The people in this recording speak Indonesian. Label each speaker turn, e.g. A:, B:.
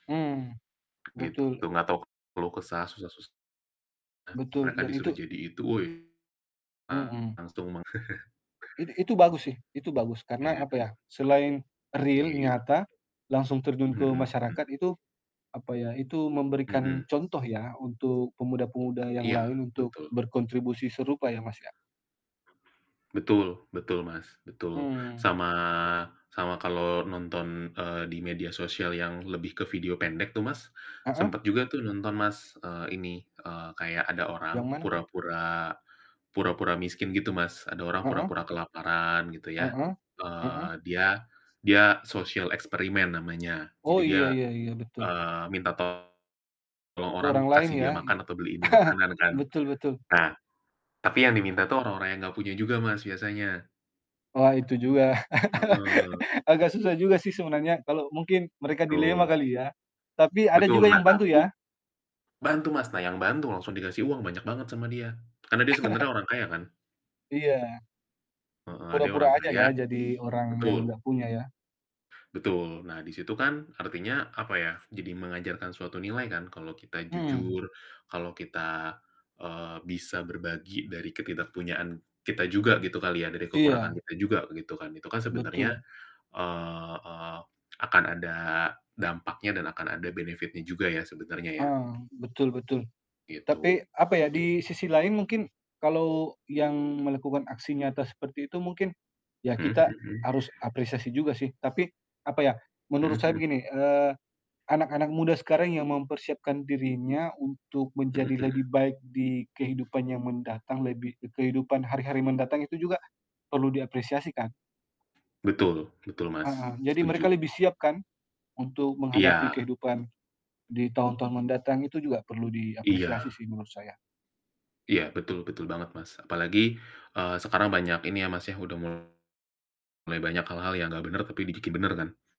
A: Mmm,
B: Gitu.
A: betul.
B: Enggak tahu keluh kesah susah susah,
A: Betul,
B: mereka
A: dan
B: disuruh
A: itu
B: jadi itu, woi!
A: Mhm.
B: Langsung mang.
A: It itu bagus sih itu bagus. Karena
B: Iya.
A: apa ya, selain real
B: Iya.
A: nyata langsung terjun ke
B: Mhm, hmm.
A: masyarakat itu, apa ya, itu memberikan
B: Mhm.
A: contoh ya untuk pemuda-pemuda yang
B: Iya,
A: lain untuk
B: betul.
A: berkontribusi serupa ya, Mas, ya.
B: Betul, betul, Mas, betul.
A: Hmm.
B: Sama, sama kalau nonton, eee, di media sosial yang lebih ke video pendek tuh, Mas,
A: Heeh.
B: sempat juga tuh nonton, Mas, eee, ini, eee, kayak ada orang
A: Yang mana?
B: pura-pura, pura-pura miskin gitu, Mas. Ada orang
A: Heeh.
B: pura-pura kelaparan gitu ya.
A: Heeh, heeh.
B: Eee, dia, dia social experiment namanya.
A: Oh,
B: Jadi dia,
A: iya iya iya, betul.
B: eee, minta tolong
A: Ke
B: orang
A: orang lain
B: kasih
A: ya,
B: dia
A: i
B: makan atau beliin dia makanan kan.
A: betul betul.
B: Nah, tapi yang diminta tuh orang-orang yang nggak punya juga, Mas, biasanya.
A: Wah itu juga
B: Heeh.
A: agak susah juga sih sebenarnya, kalau mungkin mereka dilema
B: Betul.
A: kali ya? Tapi ada
B: Betul.
A: juga
B: Nah,
A: yang bantu
B: tapi
A: ya?
B: bantu, Mas. Nah, yang bantu langsung dikasih uang banyak banget sama dia. Karena dia sebenarnya orang kaya kan.
A: Iya.
B: Heeh, dia orang
A: Pura-pura aja
B: kaya
A: ya, jadi orang yang
B: betul.
A: enggak punya ya.
B: Betul. Nah, di situ kan artinya, apa ya, jadi mengajarkan suatu nilai kan kalau kita
A: Hmm.
B: jujur, kalau kita, eee, bisa berbagi dari ketidakpunyaan kita juga gitu kali ya, dari kekurangan
A: Iya.
B: kita juga gitu kan. Itu kan sebenarnya,
A: Betul.
B: eee eee, akan ada dampaknya dan akan ada benefitnya juga ya sebenarnya ya.
A: Ah, betul betul.
B: Gitu,
A: Tapi, apa ya,
B: git
A: di sisi lain mungkin kalau yang melakukan aksi nyata seperti itu mungkin ya
B: Mhm
A: kita
B: mhm mhm.
A: harus apresiasi juga sih. Tapi, apa ya,
B: Mhm
A: menurut saya
B: mhm.
A: begini, eee, anak-anak muda sekarang yang mempersiapkan dirinya untuk
B: Mhm
A: menjadi
B: mhm
A: lebih baik di kehidupan yang mendatang, lebih kehidupan hari-hari mendatang itu juga perlu diapresiasi kan?
B: Betul, betul, Mas.
A: Heeh, jadi mereka
B: Setuju.
A: lebih siap kan? Untuk menghadapi
B: Iya.
A: kehidupan di tahun-tahun mendatang, itu juga perlu
B: Iya.
A: diapresiasi sih menurut saya.
B: Iya, betul betul banget, Mas. Apalagi, eee, sekarang banyak ini ya, Mas, ya udah mulai banyak hal-hal yang nggak bener tapi dibikin bener kan.